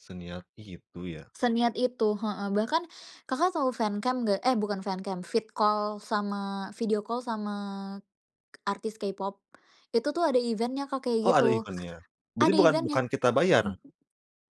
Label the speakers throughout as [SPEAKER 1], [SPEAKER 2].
[SPEAKER 1] Seniat itu, ya?
[SPEAKER 2] Seniat itu, heeh. Bahkan Kakak tahu fancam nggak? Eh, bukan fancam, vid-call sama video call sama k artis K-pop itu tuh, ada event-nya, Kak,
[SPEAKER 1] Oh,
[SPEAKER 2] kayak
[SPEAKER 1] ada
[SPEAKER 2] gitu.
[SPEAKER 1] event-nya? berarti
[SPEAKER 2] Ada
[SPEAKER 1] bukan
[SPEAKER 2] event-nya.
[SPEAKER 1] bukan kita bayar?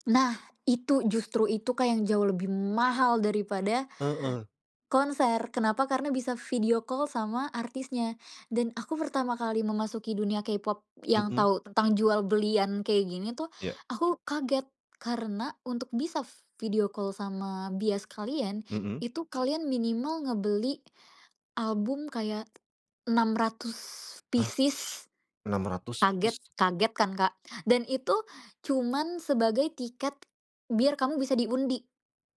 [SPEAKER 2] Nah, itu justru itu, Kak, yang jauh lebih mahal daripada
[SPEAKER 1] Heeh.
[SPEAKER 2] konser. Kenapa? Karena bisa video call sama artisnya. Dan aku pertama kali memasuki dunia K-pop yang
[SPEAKER 1] Heeh.
[SPEAKER 2] tahu tentang jual-belian kayak gini tuh
[SPEAKER 1] Iya.
[SPEAKER 2] aku kaget, karena untuk bisa video call sama bias kalian
[SPEAKER 1] Heeh.
[SPEAKER 2] itu kalian minimal ngebeli album kayak 600
[SPEAKER 1] Hah?
[SPEAKER 2] pieces.
[SPEAKER 1] 600
[SPEAKER 2] Kaget
[SPEAKER 1] pieces?
[SPEAKER 2] kaget kan, Kak. Dan itu cuma sebagai tiket biar kamu bisa diundi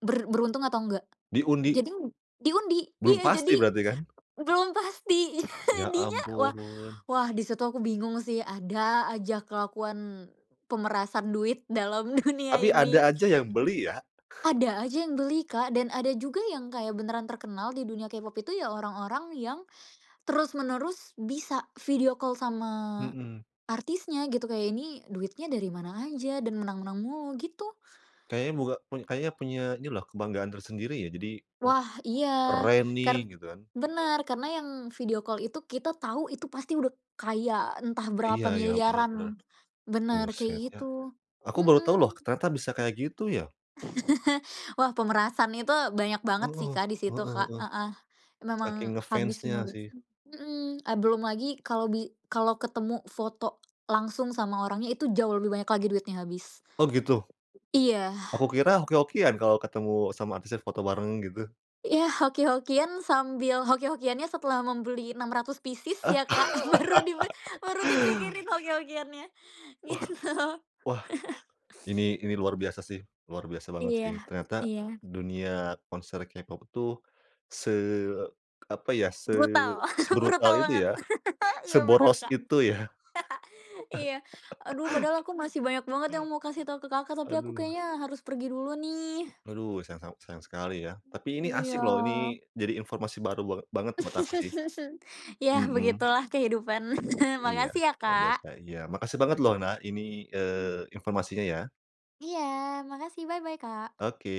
[SPEAKER 2] ber beruntung atau nggak.
[SPEAKER 1] Diundi?
[SPEAKER 2] Jadi diundi,
[SPEAKER 1] Belum
[SPEAKER 2] iya,
[SPEAKER 1] pasti
[SPEAKER 2] jadi
[SPEAKER 1] berarti, kan?
[SPEAKER 2] belum pasti.
[SPEAKER 1] Ya,
[SPEAKER 2] Jadinya, wah,
[SPEAKER 1] ampun.
[SPEAKER 2] wah, di situ aku bingung sih, ada aja kelakuan pemerasan duit dalam dunia
[SPEAKER 1] Tapi
[SPEAKER 2] ini.
[SPEAKER 1] ada aja yang beli, ya?
[SPEAKER 2] Ada aja yang beli, Kak, dan ada juga yang kayak beneran terkenal di dunia K-pop itu ya orang-orang yang terus-menerus bisa video call sama
[SPEAKER 1] Mhm.
[SPEAKER 2] artisnya, gitu. Kayak ini duitnya dari mana aja dan menang-menang mulu, gitu.
[SPEAKER 1] Kayaknya buka kayaknya punya ini loh, kebanggaan tersendiri ya. Jadi, oh,
[SPEAKER 2] Wah, iya,
[SPEAKER 1] "Keren nih",
[SPEAKER 2] kar
[SPEAKER 1] gitu kan?
[SPEAKER 2] benar, karena yang video call itu kita tahu itu pasti udah kaya entah
[SPEAKER 1] Iya
[SPEAKER 2] berapa
[SPEAKER 1] iya. Benar
[SPEAKER 2] miliaran.
[SPEAKER 1] benar,
[SPEAKER 2] Benar, kayak
[SPEAKER 1] buset, ya.
[SPEAKER 2] gitu.
[SPEAKER 1] Aku baru
[SPEAKER 2] Heeh.
[SPEAKER 1] tahu loh ternyata bisa kayak gitu, ya.
[SPEAKER 2] Wah, pemerasan itu banyak banget sih,
[SPEAKER 1] Oh,
[SPEAKER 2] Kak, di situ,
[SPEAKER 1] heeh
[SPEAKER 2] Kak,
[SPEAKER 1] heeh.
[SPEAKER 2] heeh, memang
[SPEAKER 1] Saking
[SPEAKER 2] habis semua
[SPEAKER 1] ngefannya
[SPEAKER 2] duit,
[SPEAKER 1] sih.
[SPEAKER 2] hmm. Belum lagi kalau bi kalau ketemu foto langsung sama orangnya, itu jauh lebih banyak lagi duitnya habis.
[SPEAKER 1] Oh, gitu.
[SPEAKER 2] Iya.
[SPEAKER 1] Aku kira hoki-hokian kalau ketemu sama artisnya, foto bareng, gitu.
[SPEAKER 2] Ya, hoki-hokian, sambil hoki-hokiannya setelah membeli 600 pieces
[SPEAKER 1] Ah.
[SPEAKER 2] ya, Kak. Baru dipi baru dipikirin hoki-hokiannya,
[SPEAKER 1] Wah,
[SPEAKER 2] gitu.
[SPEAKER 1] wah ini ini luar biasa sih, luar biasa banget sih.
[SPEAKER 2] Iya,
[SPEAKER 1] Ternyata
[SPEAKER 2] iya.
[SPEAKER 1] dunia konser K-pop itu se apa ya,
[SPEAKER 2] Brutal,
[SPEAKER 1] sebrutal
[SPEAKER 2] brutal
[SPEAKER 1] itu,
[SPEAKER 2] banget.
[SPEAKER 1] ya,
[SPEAKER 2] Iya, benar,
[SPEAKER 1] seboros
[SPEAKER 2] Kak,
[SPEAKER 1] itu, ya.
[SPEAKER 2] iya. Aduh, padahal aku masih banyak banget yang mau kasih tahu ke Kakak, tapi aku
[SPEAKER 1] Aduh.
[SPEAKER 2] kayaknya harus pergi dulu, nih.
[SPEAKER 1] Aduh, sayang se sayang sekali, ya. Tapi ini
[SPEAKER 2] Iya.
[SPEAKER 1] asik loh, ini jadi informasi baru bange banget buat aku sih,
[SPEAKER 2] Ya,
[SPEAKER 1] mhm.
[SPEAKER 2] begitulah kehidupan.
[SPEAKER 1] Iya.
[SPEAKER 2] Makasih ya,
[SPEAKER 1] Luar biasa,
[SPEAKER 2] Kak.
[SPEAKER 1] iya. Makasih banget loh, nah, ini,
[SPEAKER 2] Hmm.
[SPEAKER 1] eee, informasinya, ya.
[SPEAKER 2] Iya, makasih, bye bye, Kak.
[SPEAKER 1] Oke.